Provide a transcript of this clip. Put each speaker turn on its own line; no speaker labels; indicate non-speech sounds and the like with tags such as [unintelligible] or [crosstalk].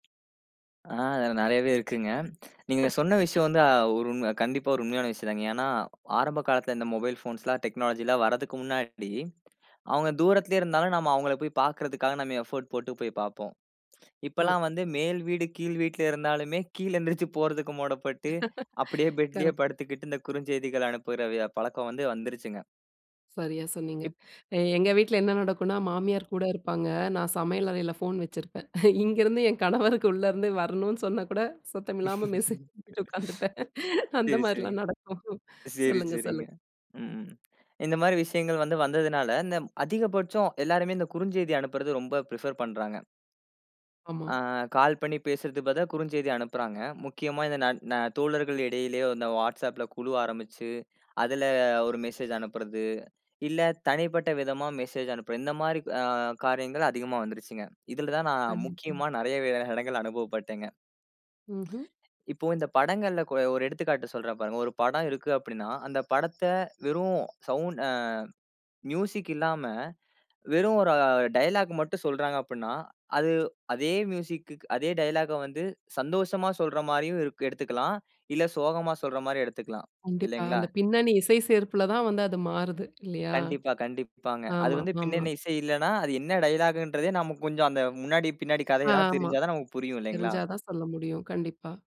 அதில நெறையவே இருக்குங்க. நீங்க சொன்ன விஷயம் வந்து அ ஒரு உண்ம. கண்டிப்பா ஒரு உண்மையான விஷயம் தாங்க. ஏன்னா, ஆரம்ப காலத்தில இந்த மொபைல் ஃபோன்ஸ்லாம் டெக்னாலஜி எல்லாம் வரதுக்கு முன்னாடி அவுங்க தூரத்திலேயே இருந்தாலும் நம்ம அவுங்கள போய் பாக்கிறதுக்காக நம்ம எஃபோர்ட் போட்டு போய் பார்ப்போம்.
ம.
இப்பல்லாம் வந்து மேல் வீடு, கீழ் வீட்ல இருந்தாலுமே கீழே எழுந்திரிச்சு போறதுக்கு மூடப்பட்டு, அப்பிடியே
[chuckles]
பெட்லேயே
கரெக்ட்.
படுத்துக்கிட்டு இந்த குறுஞ்செய்திகள் அனுப்புற விய பழக்கம் வந்து வந்துருச்சுங்க.
சரியா சொன்னீங்க.
இப்.
எ எங்க வீட்ல என்ன நடக்குன்னா மாமியார் கூட இருப்பாங்க. நான் சமையல் அறையில ஃபோன் வச்சிருப்பேன். இங்கேருந்து என் கணவருக்கு உள்ள இருந்து வரணுனு சொன்னா கூட சத்தம் இல்லாம மெசேஜ் பண்ணிட்டு
[laughs]
உட்காந்துப்பேன்.
சரி சரிங்க.
அந்தமாரிலாம் நடக்கும்.
சரி
சொல்லுங்க,
சரிங்க.
சொல்லுங்க.
ம் இந்தமாரி விஷயங்கள் வந்து வந்ததனால, இந்த அதிகபட்சம் எல்லாருமே இந்த குறுஞ்செய்தி அனுப்புறது ரொம்ப பிரிஃபர் பண்றாங்க.
ஆமா.
ஆ கால் பண்ணி பேசுறதுக்கு பதிலா குறுஞ்செய்தி அனுப்புறாங்க. முக்கியமா இந்த ந ந தோழர்கள் இடையிலேயே இந்த WhatsAppல குழு ஆரம்பிச்சு அதில ஒரு மெசேஜ் அனுப்புறது, இல்ல தனிப்பட்ட விதமா மெசேஜ் அனுப்புறது. இந்தமாரி அ காரியங்கள் அதிகமா வந்துருச்சு. இதில தான் நான்
கண்டிப்பா.
முக்கியமா நெறைய [unintelligible] இடங்கள்ல அனுபவப்பட்டேன்ங்க.
ம்ஹ்ம்.
இப்போ இந்த படங்கள்ல கொ ஒரு எடுத்துக்காட்டு சொல்றேன் பாருங்க. ஒரு படம் இருக்கு அப்பிடின்னா, அந்த படத்த வெறும் சவுண்ட் அ மியூசிக் இல்லாம வெறும் ஒரு டயலாக் மட்டும் சொல்றாங்க அப்புடின்னா, அது அதே மியூசிக், அதே டயலாக்க வந்து சந்தோஷமா சொல்ற மாரியும் இ எடுத்துக்கலாம். இல்ல சோகமா சொல்றமாரி எடுத்துக்கலாம்.
கண்டிப்பா.
இல்லேங்களா?
அந்த பின்னணி இசை சேர்ப்பில தான் வந்து அது மாறுது இல்லயா!
கண்டிப்பா, கண்டிப்பாங்க. அது
ஆமா,
வந்து
ஆமா.
பின்னணி இசை இல்லன்னா, அது என்ன டயலாக்ன்றதே நமக்கு கொஞ்சம் அந்த முன்னாடி, பின்னாடி கதைய எல்லாம்
ஆமா.
தெரிஞ்சா தான் நமக்கு புரியும் இல்லேங்களா.
தெரிஞ்சா தான் சொல்ல முடியும். கண்டிப்பா.